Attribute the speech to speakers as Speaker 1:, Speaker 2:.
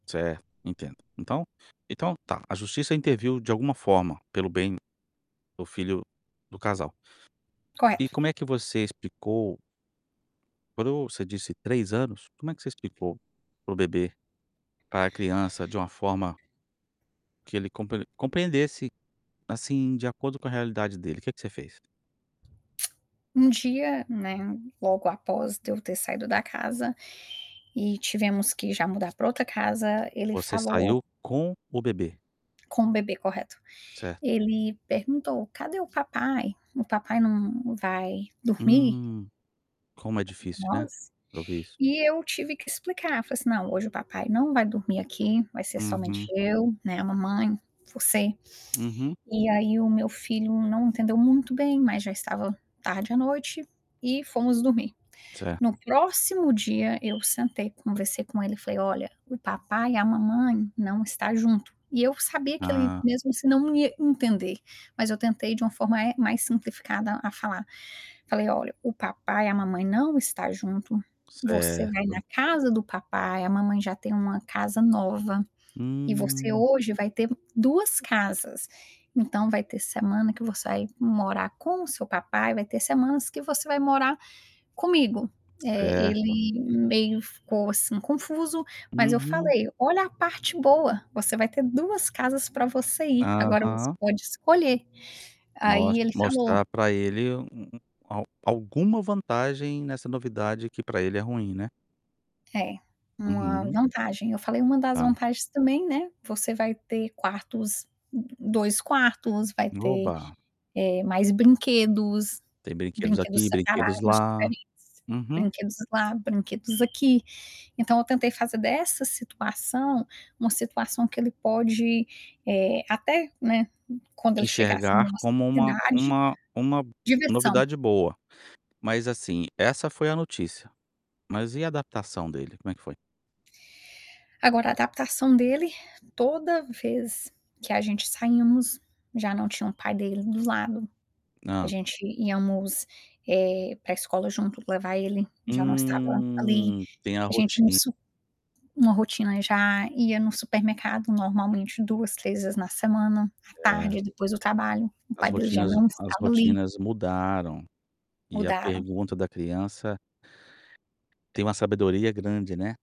Speaker 1: Certo, entendo, então então tá, a justiça interviu de alguma forma pelo bem do filho do casal. E
Speaker 2: Correto.
Speaker 1: como é que você explicou para o você disse 3 anos? Como é que você explicou para o bebê, pra a criança de uma forma que ele compreen compreendesse, assim, de acordo com a realidade dele, que que você fez?
Speaker 2: Um dia, né, logo após de eu ter saído da casa, e tivemos que já mudar pra outra casa, ele
Speaker 1: Você
Speaker 2: falou
Speaker 1: saiu com o bebê?
Speaker 2: Com o bebê, correto.
Speaker 1: Certo.
Speaker 2: Ele perguntou, cadê o papai? O papai não não vai dormir?
Speaker 1: Hum, como é difícil, né,
Speaker 2: Nossa.
Speaker 1: pra ouvir isso.
Speaker 2: E eu tive que explicar, falei assim: "Não, hoje o papai não vai dormir aqui, vai ser somente
Speaker 1: Uhum.
Speaker 2: eu, né, a mamãe, você".
Speaker 1: Uhum.
Speaker 2: E aí o meu filho não entendeu muito bem, mas já estava tarde à noite, e fomos dormir.
Speaker 1: Cer
Speaker 2: No próximo dia, eu sentei, conversei com ele e falei: "Olha, o papai e a mamãe não está junto". E eu sabia que ele
Speaker 1: Hã.
Speaker 2: mesmo se não não ia entender, mas eu tentei de uma forma, eh, mais simplificada a falar. Falei olha: "O papai e a mamãe não está junto, você vai na
Speaker 1: Certo.
Speaker 2: casa do papai, a mamãe já tem uma casa nova, e você
Speaker 1: Hum.
Speaker 2: hoje vai ter 2 casas, então vai ter semana que você vai morar com o seu papai, vai ter semanas que você vai morar comigo". Eh,
Speaker 1: Certo.
Speaker 2: ele meio ficou assim confuso, mas eu
Speaker 1: Uhum.
Speaker 2: falei: "Olha a parte boa, você vai ter 2 casas para você ir, agora você
Speaker 1: Aham.
Speaker 2: pode escolher", aí
Speaker 1: Mostr
Speaker 2: ele falou
Speaker 1: mostrar para ele um um al alguma vantagem nessa novidade que para ele é ruim, né.
Speaker 2: É, uma
Speaker 1: Uhum.
Speaker 2: vantagem, eu falei: "Uma das
Speaker 1: Hã.
Speaker 2: vantagens também, né, você vai ter quartos 2 quartos, vai
Speaker 1: E
Speaker 2: ter,
Speaker 1: oba.
Speaker 2: eh, mais brinquedos,
Speaker 1: Tem brinquedos
Speaker 2: brinquedos
Speaker 1: aqui, brinquedos
Speaker 2: separados,
Speaker 1: lá.
Speaker 2: diferentes,
Speaker 1: Uhum.
Speaker 2: brinquedos lá, brinquedos aqui". Então eu tentei fazer dessa situação, uma situação que ele pode, eh, até, né, quando ele chegasse
Speaker 1: Enxergar
Speaker 2: numa
Speaker 1: como
Speaker 2: certa
Speaker 1: uma
Speaker 2: idade
Speaker 1: uma uma
Speaker 2: diversão.
Speaker 1: novidade boa, mas, assim, essa foi a notícia. Mas e a adaptação dele, como é que foi?
Speaker 2: Agora, a adaptação dele, toda vez que a gente saímos, já não tinha o pai dele do lado, a
Speaker 1: Hã.
Speaker 2: gente íamos, eh, pra escola junto levar ele, já não estava ali,
Speaker 1: Hum, tem a
Speaker 2: a gente ia no
Speaker 1: roti
Speaker 2: su uma rotina já ia no supermercado normalmente 2, 3 vezes na semana à tarde,
Speaker 1: Cer
Speaker 2: é depois do trabalho, o
Speaker 1: As
Speaker 2: pai dele já
Speaker 1: rotinas
Speaker 2: não
Speaker 1: as
Speaker 2: estava ali.
Speaker 1: rotinas mudaram, e a
Speaker 2: Mudaram.
Speaker 1: pergunta da criança tem uma sabedoria grande, né.